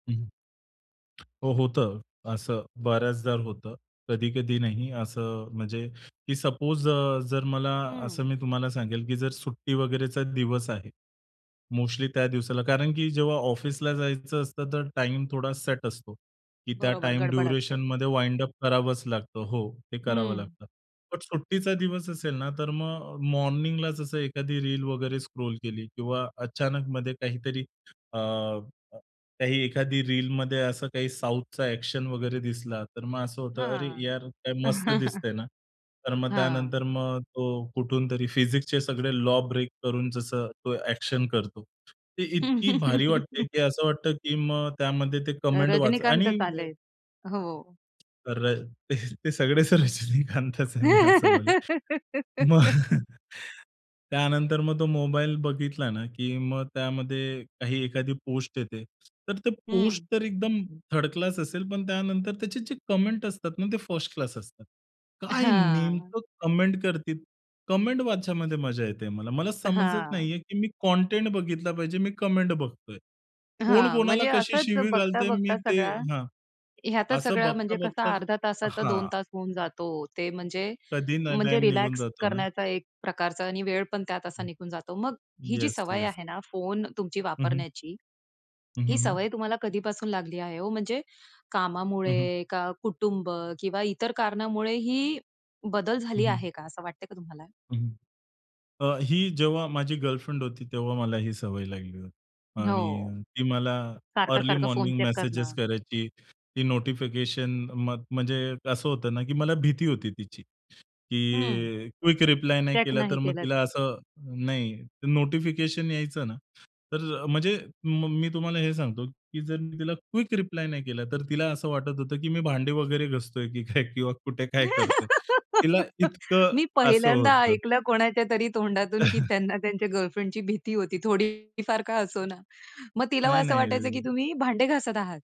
हं. हो, होतं. असं बऱ्याचदा होतं. कधी-कधी नाही. असं म्हणजे की सपोज अ, जर मला हं. असं मी तुम्हाला सांगेल, की जर सुट्टी वगैरेचा दिवस आहे. मोस्टली त्या दिवसाला. कारण की जेव्हा ऑफिसला जायचं असतं, तर टाईम थोडा सेट असतो. की त्या बरोबर, टाईम गडबड असते. ड्युरेशनमध्ये वाइंड अप करावंच लागतं, हो. ते करावं हं. लागतं. बट सुट्टीचा दिवस असेल ना, तर मग मॉर्निंगलाच असं एखादी रील वगैरे स्क्रॉल केली किंवा अचानक मध्ये काहीतरी अ, काही एखादी रीलमध्ये असं काही साउथचा ॲक्शन वगैरे दिसला, तर मग असं होतं, अरे, हां. यार काय मस्त दिसतंय ना. तर मग हां. त्यानंतर मग तो कुठूनतरी फिजिक्सचे सगळे लॉ ब्रेक करून जसं तो ॲक्शन करतो. ते इतकी भारी वाटते, की असं वाटतं, की मग त्यामध्ये ते कमेंट वाचा आणि रजनीकांतच अ आलेत. हो. तर अ, ते ते सगळेच रजनीकांतच आहे मी असं बोलेल. मग त्यानंतर मग तो मोबाईल बघितला ना, की मग त्यामध्ये काही एखादी पोस्ट येते. तर ते हं. पोस्ट तर एकदम थर्ड क्लास असेल, पण त्यानंतर त्याचे जे कमेंट असतात ना, ते फर्स्ट क्लास असतात. काय हां. नेमकं कमेंट करती कमेंट वाचयामध्ये मजा येते मला. मला समजत हां. नाहीये, की मी कंटेंट बघितला पाहिजे, मी कमेंट बघतोय. कोण हां, कोणाला म्हणजे कशी असंच शिवी घालतय, मी बघता-बघता ते सगळा हां. ह्यातच असं सगळं म्हणजे कसं बघता-बघताच अर्ध्या तासाचा 2 हां. तास होऊन जातो. ते म्हणजे कधी ना म्हणजे टाईम निघून रिलॅक्स जातो ना. करण्याचा एक प्रकारचा आणि वेळ पण त्यात असा निघून जातो. मग ही जी येस, सवय येस. आहे ना फोन तुमची हं, हं. वापरण्याची, हं, ही हं, हं. सवय तुम्हाला कधीपासून लागली आहे हो? म्हणजे हं, हं. कामामुळे का कुटुंब किंवा इतर कारणामुळे ही बदल हं, झाली हं. आहे का? असं वाटतंय का तुम्हाला? हं. अ, ही जेव्हा माझी गर्लफ्रेंड होती, तेव्हा मला ही सवय लागली होती हो. आणि ती मला अर्ली सारखं-सारखं फोन मॉर्निंग चेक मेसेजेस करणं. करायची. ती नोटिफिकेशन म म्हणजे असं होतं ना, की मला भीती होती तिची. हं. की क्विक रिप्लाय नाही चेक केला, नाही तर मग केलंत. तिला असं नाही नोटिफिकेशन यायचं ना. तर म्हणजे म मी तुम्हाला हे सांगतो, की जर मी तिला क्विक रिप्लाय नाही केला, तर तिला असं वाटत होतं, की मी भांडी वगैरे घासतोय की काय किंवा कुठे काय करतोय. तिला इतकं मी असं पहिल्यांदा होतं. ऐकलं कोणाच्या तरी तोंडातून, की त्यांना त्यांच्या गर्लफ्रेंडची भीती होती. थोडीफार का असो ना. मग तिला नाही, असं नाही वाटायचं, की अ तुम्ही भांडे घासत आहात.